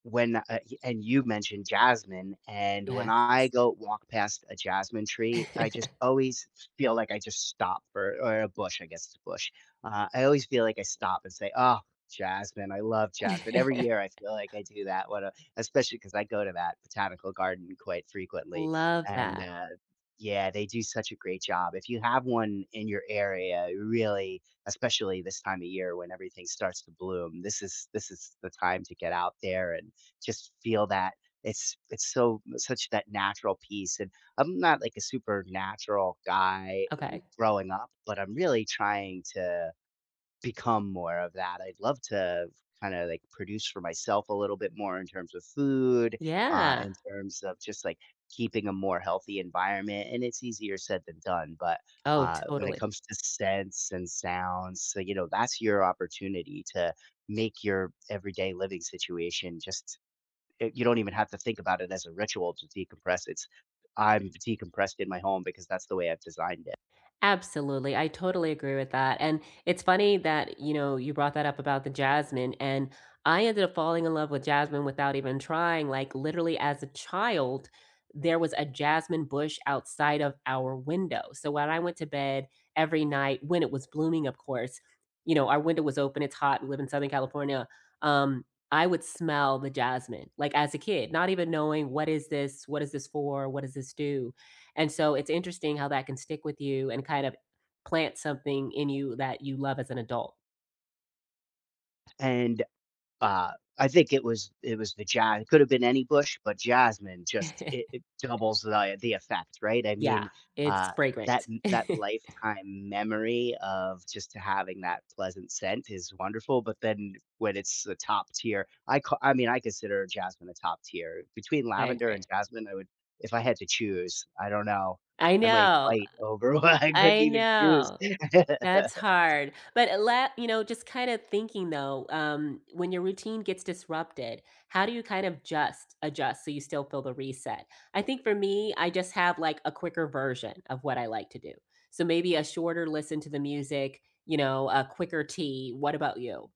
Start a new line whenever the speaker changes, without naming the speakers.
When, uh and you mentioned jasmine, and when
Yes.
I go walk past a jasmine tree, I just always feel, like I just stop for or a bush, I guess it's a bush, uh, I always feel, like, I stop and say, "Oh, jasmine. I love jasmine." Every year I feel like I do that. What a especially ‘cause I go to that botanical garden quite frequently,
Love
and,
that.
uh yeah, they do such a great job. If you have one in your area, really, especially this time of year, when everything starts to bloom, this is this is, the time to get out there and just feel that. It's it's so such that natural peace, and I'm not like a super natural guy
Okay.
growing up, but I'm really trying to become more of that. I'd love to kinda, like, produce for myself a little bit more in terms of food uh,
Yeah.
in terms of just, like, keeping a more healthy environment, and it's easier said than done, but,
Oh,
uh, when it
totally.
comes to scents and sounds, so you know, that's your opportunity to make your everyday living situation just y you don't even have to think about it as a ritual to decompress. It's I'm decompressed in my home because that's the way I've designed it.
Absolutely. I totally agree with that, and it's funny that you know, you brought that up about the jasmine and I ended up falling in love with jasmine without even trying, like literally as a child. There was a jasmine bush outside of our window, so when I went to bed every night, when it was blooming of course, you know our window was open, it's hot, we live in Southern California um, I would smell the jasmine, like as a kid, not even knowing, "What is this what is this for, what does this do," and so, it's interesting how that can stick with you and, kind of, plant something in you that you love as an adult.
And, uh, I think it was it was the ja it could've been any bush, but jasmine just it it doubles the the effect, right? I
Yeah.
mean,
It's
uh, that
fragrant.
n that lifetime memory of just having that pleasant scent is wonderful, but then when it's the top tier, I ca I mean, I consider jasmine a top tier. Between
I
lavender and
agree.
jasmine, I would if I had to choose, I don't know,
I
I might
know
fight over one. I couldn't
I
even choose.
know. That's hard, but let you know, just kinda thinking, though, um, when your routine gets disrupted, how do you kind of just adjust so you still feel the reset? I think for me, I just have, like, a quicker version of what I like to do, so maybe a shorter listen to the music, you know, a quicker tea. What about you?